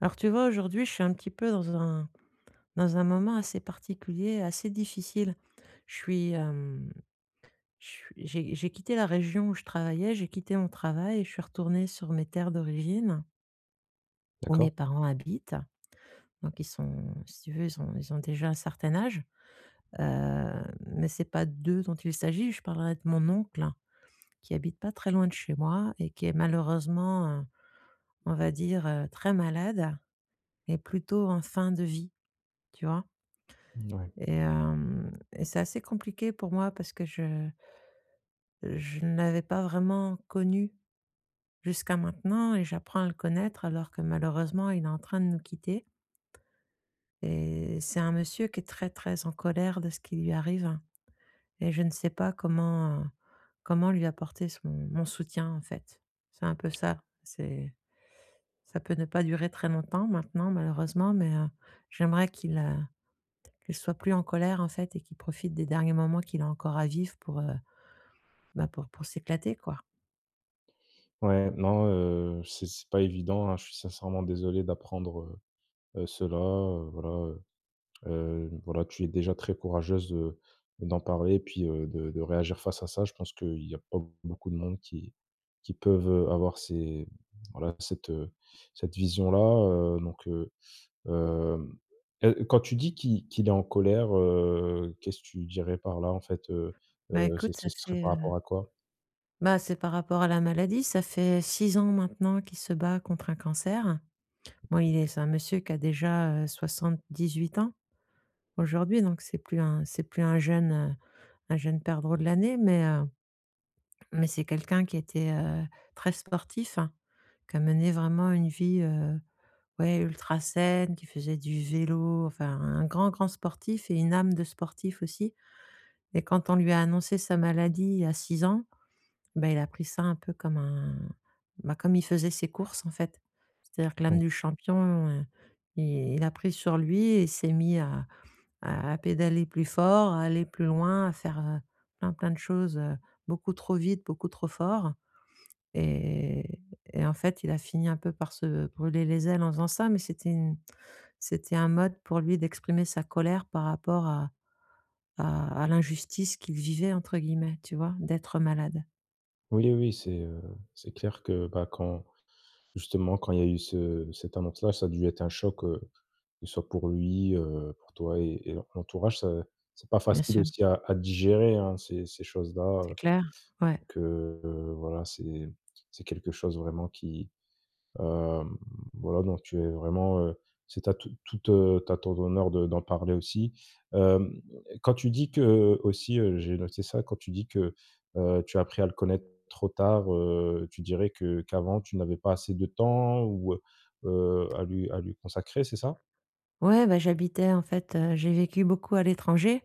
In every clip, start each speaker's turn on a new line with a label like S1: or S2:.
S1: Alors, tu vois? Aujourd'hui, je suis un petit peu dans un dans un moment assez particulier, assez difficile. Je suis, hem ch j'ai j'ai quitté la région où je travaillais, j'ai quitté mon travail, et je suis retournée sur mes terres d'origine où mes
S2: D'accord.
S1: parents habitent, donc ils sont si tu veux, ils ont ils ont déjà un certain âge. Heu, mais c'est pas d'eux dont il s'agit. Je parlerai de mon oncle, qui habite pas très loin de chez moi, et qui est malheureusement, heu, on va dire, très malade et plutôt en fin de vie, tu vois?
S2: Mouais.
S1: Et heu, et c'est assez compliqué pour moi parce que je je n'avais pas vraiment connu, jusqu'à maintenant, et j'apprends à le connaître, alors que, malheureusement, il est en train de nous quitter. Et c'est un monsieur qui est très, très en colère de ce qui lui arrive et je ne sais pas comment, heu, comment lui apporter son mon soutien en fait, c'est un peu ça c'est ça peut ne pas durer très longtemps maintenant malheureusement, mais heu, j'aimerais qu'il, heu qu'il soit plus en colère en fait et qu'il profite des derniers moments qu'il a encore à vivre pour, heu, bah pour pour s'éclater quoi.
S2: Ouais, non, heu, c'est c'est pas évident, hein. Je suis sincèrement désolé d'apprendre, heu, cela, heu, voilà heu, hem, voilà, tu es déjà très courageuse de d'en parler et puis, heu, de de réagir face à ça. Je pense que il y a pas beaucoup de monde qui qui peuvent, heu, avoir ces voilà, cette cette vision-là, heu donc heu, hem, heu, quand tu dis qu'il qu'il est en colère, heu, qu'est-ce que tu dirais, par là, en fait, heu
S1: Bah,
S2: heu, ça
S1: écoute, ça
S2: ça s serait
S1: fait,
S2: par
S1: heu
S2: rapport à quoi?
S1: bah, c'est par rapport à la maladie, ça fait 6 ans maintenant qu'il se bat contre un cancer. Bon, il est c'est un monsieur qui a déjà, heu, 78 ans, aujourd'hui donc c'est plus un c'est plus un jeune un jeune perdreau de l'année mais heu mais c'est quelqu'un qui était, heu, très sportif, hein, qui a mené vraiment une vie, heu, ouais, ultra saine, qui faisait du vélo, enfin, un grand, grand sportif et une âme de sportif aussi. Et quand on lui a annoncé sa maladie, il y a 6 ans, bah, il a pris ça un peu comme un bah, comme il faisait ses courses, en fait. C'est-à-dire que l'âme
S2: [unintelligible]
S1: du champion, heu, i il a pris sur lui et il s'est mis à à à pédaler plus fort, à aller plus loin, à faire, heu, plein, plein de choses, heu, beaucoup trop vite, beaucoup trop fort et et et en fait, il a fini un peu par se brûler les ailes en faisant ça mais c'était une c'était un mode, pour lui, d'exprimer sa colère par rapport à à à «l'injustice qu'il vivait», entre guillemets, tu vois, d'être malade.
S2: Oui, oui, c'est, heu, c'est clair que bah quand justement quand il y a eu ce cette annonce là ça a dû être un choc, heu, soit pour lui, heu, pour toi et et l'entourage ça c'est pas
S1: Bien
S2: facile
S1: sûr.
S2: aussi à à digérer hein ces ces choses là,
S1: C'est
S2: heu,
S1: clair, ouais.
S2: que voilà, c'est c'est quelque chose vraiment qui, hem, voilà donc tu es vraiment, heu c'est ta toute toute, heu, à ton honneur de d'en parler aussi, hem, quand tu dis que aussi, heu, j'ai noté ça quand tu dis que, heu, tu as appris à le connaître trop tard, heu, tu dirais que qu'avant tu n'avais pas assez de temps ou heu heu, à lui à lui consacrer, c'est ça?
S1: Ouais bah, j'habitais en fait, heu, j'ai vécu beaucoup à l'étranger,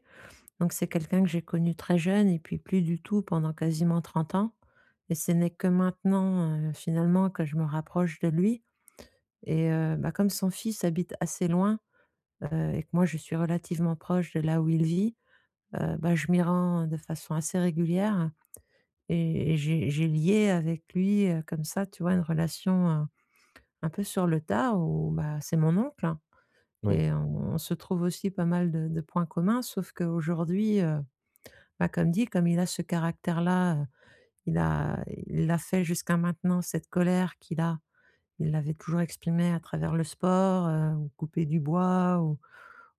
S1: donc c'est quelqu'un que j'ai connu très jeune et puis plus du tout pendant quasiment 30 ans et ce n'est que maintenant, heu, finalement que je me rapproche de lui. Et heu, bah comme son fils habite assez loin, heu, et que moi je suis relativement proche de là où il vit, heu, bah je m'y rends de façon assez régulière et et j'ai j'ai lié avec lui, heu, comme ça tu vois? Une relation un peu sur le tas ou bah c'est mon oncle
S2: Oui.
S1: et on se trouve aussi pas mal de de points communs sauf qu'aujourd'hui, heu, bah comme dit comme il a ce caractère là, heu, il a il a fait jusqu'à maintenant cette colère qu'il a, il l'avait toujours exprimé à travers le sport, heu, ou couper du bois ou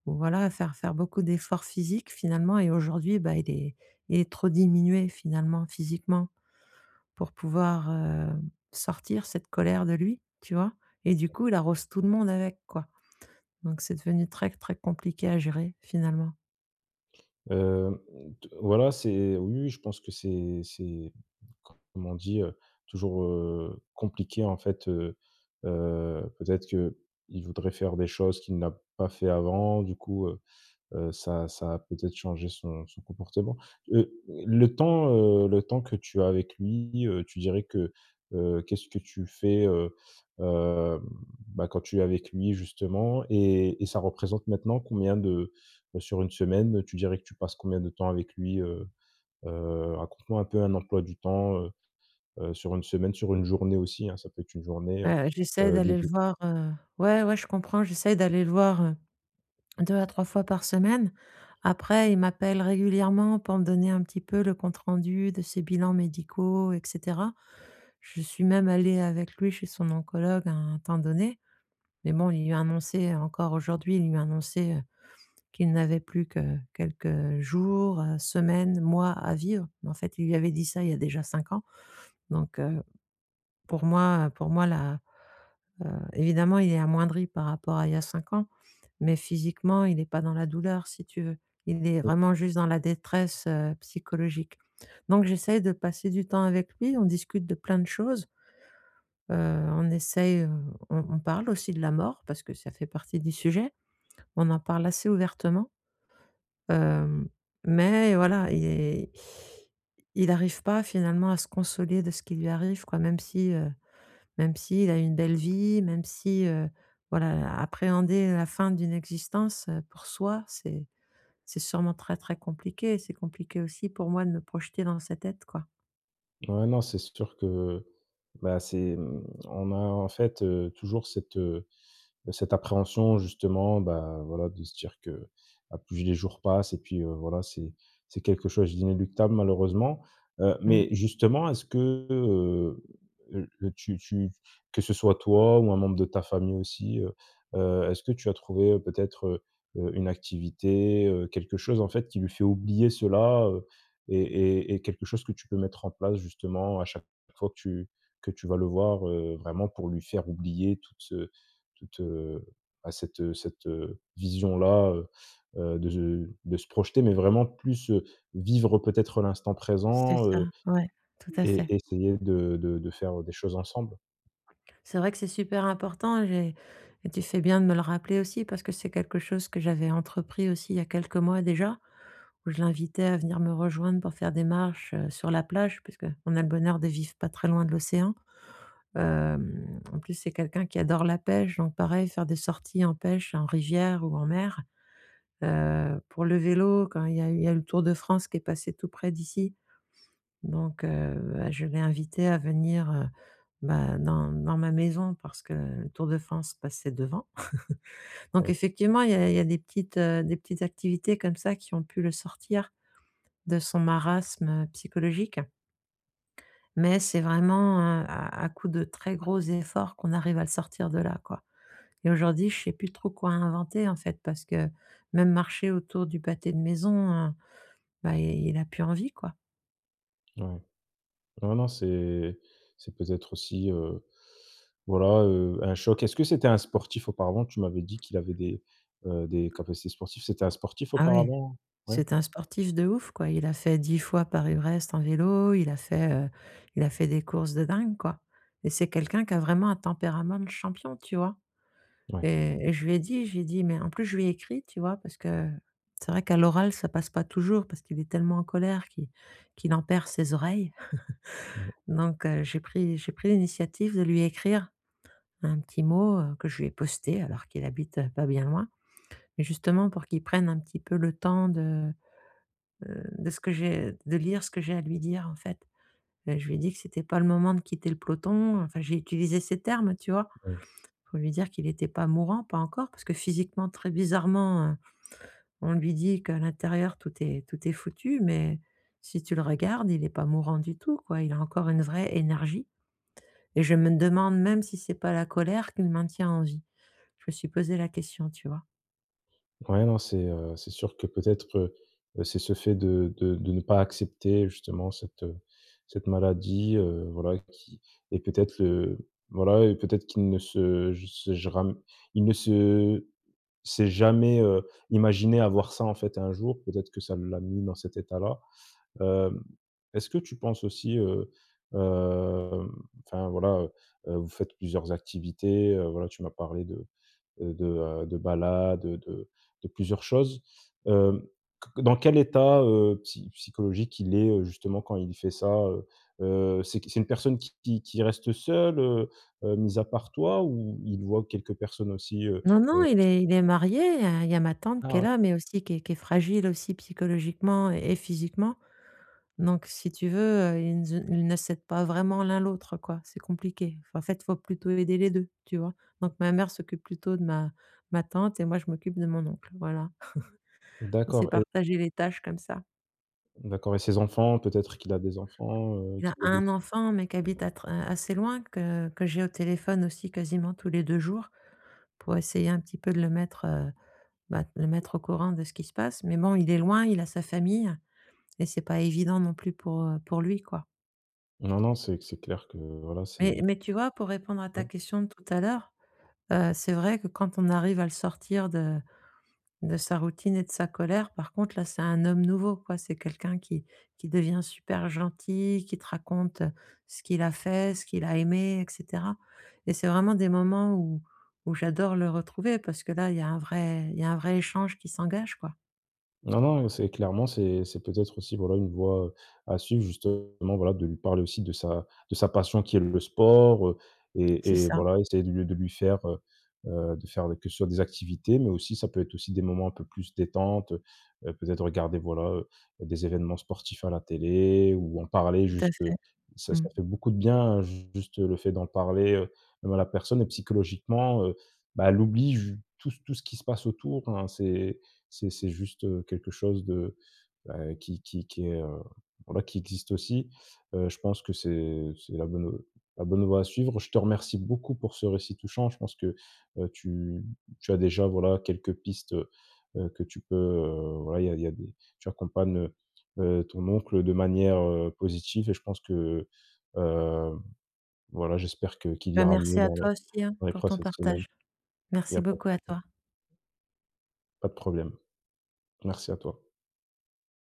S1: ou voilà faire faire beaucoup d'efforts physiques finalement et aujourd'hui bah il est il est trop diminué finalement physiquement pour pouvoir, heu, sortir cette colère de lui, tu vois? Et du
S2: [unintelligible]
S1: coup il arrose tout le monde avec quoi, donc c'est devenu très, très compliqué à gérer finalement.
S2: Heu, mmh, t voilà, c'est oui, oui, je pense que c'est c'est comme on dit, heu, toujours, heu, compliqué, en fait, heu heu, peut-être qu'il voudrait faire des choses qu'il n'a pas fait avant. Du coup, heu heu, ça ça a peut-être changé son son comportement. Heu, le temps, heu, le temps que tu as avec lui, heu, tu dirais que, heu, qu'est-ce que tu fais, heu heu, bah, quand tu es avec lui, justement et et ça représente maintenant combien de, beh, sur 1 semaine, tu dirais que tu passes combien de temps avec lui? Heu heu, raconte-moi un peu un emploi du temps, heu heu, sur 1 semaine, sur 1 journée aussi, hein. Ça peut être 1 journée, heu
S1: Heu, j'essaie
S2: heu, dé
S1: d'aller le
S2: dé
S1: voir, heu, ouais, ouais, je comprends, j'essaie d'aller le voir, heu, 2 à 3 fois par semaine. Après il m'appelle régulièrement pour me donner un petit peu le compte rendu de ses bilans médicaux et cetera. Je suis même allée avec lui chez son oncologue à un temps donné mais bon, il lui a annoncé encore aujourd'hui, il lui a annoncé, heu, qu'il n'avait plus que quelques jours, heu, semaines, mois à vivre mais en fait, il lui avait dit, ça il y a déjà 5 ans donc heu, pour moi, heu, pour moi, la, heu, évidemment, il est amoindri par rapport à il y a 5 ans, mais physiquement, il est pas dans la douleur, si tu veux. Il est vraiment juste dans la détresse, heu, psychologique. Donc j'essaie de passer du temps avec lui. On discute de plein de choses. Heu, on essaie, heu, on on parle aussi de la mort parce que ça fait partie du sujet. On en parle assez ouvertement. Heu, mais voilà et et i il arrive pas finalement à se consoler de ce qui lui arrive, quoi. Même si, heu, même s'il a eu une belle vie, même si, heu, voilà, heu, appréhender la fin d'une existence, heu, pour soi, c'est c'est sûrement très, très compliqué. C'est compliqué aussi pour moi de me projeter dans sa tête, quoi.
S2: Ouais non, c'est sûr que, bah, c'est mmh on a, en fait, heu, toujours cette, heu, bah, cette appréhension, justement, bah, voilà, de se dire que, à plus les jours passent et puis, heu, voilà, c'est c'est quelque chose d'inéluctable, malheureusement. Heu,
S1: Mmh.
S2: mais, justement est-ce qu' heu, le tu tu que ce soit toi ou un membre de ta famille aussi, heu heu, est-ce que tu as trouvé, peut-être, heu heu, une activité, heu, quelque chose, en fait, qui lui fait oublier cela, heu? Et et et quelque chose que tu peux mettre en place, justement, à chaque fois que tu que tu vas le voir, heu, vraiment pour lui faire oublier toute, heu, toute, heu à cette, heu cette, heu, vision-là, heu heu de ze de se projeter, mais vraiment plus, heu, vivre peut-être l'instant
S1: C'est
S2: présent,
S1: ça,
S2: heu,
S1: ouais, tout à fait.
S2: et essayer de de de faire des choses ensemble?
S1: C'est vrai que c'est super important. J'ai et tu fais bien de me le rappeler aussi parce que c'est quelque chose que j'avais entrepris aussi il y a quelques mois déjà, où je l'invitais à venir me rejoindre pour faire des marches, heu, sur la plage, parce qu'on a le bonheur de vivre pas très loin de l'océan. Hem, en plus, c'est quelqu'un qui adore la pêche, donc pareil, faire des sorties en pêche, en rivière ou en mer. Heu, pour le vélo, quand il y a eu il y a eu le Tour de France qui est passé tout près d'ici. Donc heu, bah, je l'ai invité à venir, heu, bah, dans dans ma maison parce que le Tour de France passait devant. Donc,
S2: Oui.
S1: effectivement, il y a il y a des petites, heu, des petites activités comme ça qui ont pu le sortir de son marasme psychologique mais c'est vraiment, heu, à à coup de très gros efforts qu'on arrive à le sortir de là, quoi. Et aujourd'hui, je sais plus trop quoi inventer, en fait, parce que même marcher autour du pâté de maison, heu, bah, il il a plus envie, quoi.
S2: Ah, ouais. Non, non, c'est c'est peut-être aussi, heu, voilà, heu, un choc. Est-ce que c'était un sportif, auparavant? Tu m'avais dit qu'il avait des, heu, des capacités sportives. C'était un sportif,
S1: Ah, oui,
S2: auparavant? Ouais.
S1: c'est un sportif de ouf, quoi. Il a fait 10 fois Paris-Brest en vélo. Il a fait, heu, il a fait des courses de dingue, quoi, et c'est quelqu'un qui a vraiment un tempérament de champion, tu vois?
S2: Ouais.
S1: Et et je lui ai dit je lui ai dit, mais en plus, je lui ai écrit, tu vois? Parce que c'est vrai qu'à l'oral, ça passe pas toujours parce qu'il est tellement en colère qu'il qu'il en perd ses oreilles.
S2: Mmh.
S1: Donc heu, j'ai pris j'ai pris l'initiative de lui écrire un petit mot, heu, que je lui ai posté, alors qu'il habite pas bien loin, mais justement pour qu'il prenne un petit peu le temps de, heu, de ce que j'ai de lire ce que j'ai à lui dire, en fait. Ben, je lui ai dit que c'était pas le moment de quitter le peloton. Enfin, j'ai utilisé ses termes, tu vois,
S2: Mmh.
S1: pour lui dire qu'il était pas mourant, pas encore, parce que, physiquement, très bizarrement, heu, on lui dit qu'à l'intérieur, tout est tout est foutu, mais si tu le regardes, il est pas mourant du tout, quoi. Il a encore une vraie énergie et je me demande même si c'est pas la colère qui le maintient en vie. Je me suis posé la question, tu vois?
S2: Ouais non, c'est, heu, c'est sûr que, peut-être, heu, c'est ce fait de de de ne pas accepter, justement, cette, heu, cette maladie, heu, voilà qui et peut-être le voilà et peut-être qu'il ne se juse je ram il ne se s'est jamais, heu, imaginé avoir ça, en fait, un jour. Peut-être que ça l'a mis dans cet état-là. Heu, est-ce que tu penses aussi, heu, hem, enfin, voilà, heu heu, vous faites plusieurs activités, heu, voilà, tu m'as parlé de, heu, de de balade, de de plusieurs choses. Heu, qu dans quel état, heu, psy psychologique il est, heu, justement, quand il fait ça, heu heu? C'est qui? C'est une personne qui qui qui reste seule, heu heu, mise à part toi, ou il voit quelques personnes aussi, heu
S1: Non non,
S2: heu
S1: il est il est marié, il y a ma tante qui est
S2: Ah ouais.
S1: là, mais aussi qui est qui est fragile aussi, psychologiquement et physiquement. Donc, si tu veux, heu, ils nze ils ne s'aident pas vraiment l'un l'autre, quoi. C'est compliqué. Enfin, en fait, il faut plutôt aider les 2, tu vois. Donc ma mère s'occupe plutôt de ma de ma tante et moi, je m'occupe de mon oncle, voilà. On s'est
S2: D'accord et
S1: partagé les tâches comme ça.
S2: D'accord. Et ses enfants, peut-être qu'il a des enfants, heu,
S1: Il
S2: qui
S1: a
S2: l'aident
S1: 1
S2: aussi?
S1: enfant mais qui habite à tr a assez loin, que que j'ai au téléphone aussi quasiment tous les 2 jours pour essayer un petit peu de le mettre, heu, bah, de le mettre au courant de ce qui se passe. Mais bon, il est loin, il a sa famille et c'est pas évident non plus pour, heu, pour lui, quoi.
S2: Non non, c'est c'est clair que voilà,
S1: Mais
S2: c'est
S1: mais tu vois pour répondre à ta
S2: Oui.
S1: question de tout à l'heure, heu, c'est vrai que quand on arrive à le sortir de de sa routine et de sa colère, par contre là c'est un homme nouveau quoi. C'est quelqu'un qui qui devient super gentil, qui te raconte, heu, ce qu'il a fait, ce qu'il a aimé et cetera, et c'est vraiment des moments où où j'adore le retrouver parce que là il y a un vrai il y a un vrai échange qui s'engage quoi.
S2: Non non, heu, c'est clairement, c'est c'est peut-être aussi, voilà une voie à suivre justement. Voilà, de lui parler aussi de sa de sa passion qui est le sport, heu,
S1: C'est
S2: et et
S1: ça.
S2: voilà essayer de le de lui faire, heu heu, de faire, heu, que ce soit sur des activités, mais aussi ça peut être aussi des moments un peu plus détentes. Heu heu, peut-être regarder, voilà, heu, des évènements sportifs à la télé ou en parler.
S1: Tout à
S2: Juste
S1: fait.
S2: ça
S1: Mmh.
S2: ça fait beaucoup de bien ju juste le fait d'en parler. Heu, bah la personne, heu, psychologiquement, heu, ben elle oublie ju tout tout ce qui se passe autour hein. C'est c'est c'est juste, heu, quelque chose de bah qui qui qui est, heu, voilà qui existe aussi. Heu, je pense que c'est c'est la bonne, heu, la bonne voie à suivre. Je te remercie beaucoup pour ce récit touchant. Je pense que, heu, tu tu as déjà voilà, quelques pistes, heu heu, que tu peux, heu, voilà. Il y a il y a des tu accompagnes, heu heu, ton oncle de manière, heu, positive et je pense que, heu, voilà j'espère que qu'il
S1: Ben,
S2: ira
S1: merci
S2: mieux
S1: à
S2: dans les
S1: toi aussi, hein,
S2: dans les
S1: pour ton
S2: prochaines semaines.
S1: partage.
S2: Il y
S1: Merci
S2: a pas de
S1: beaucoup à
S2: problème.
S1: toi.
S2: Pas de problème. Merci à toi.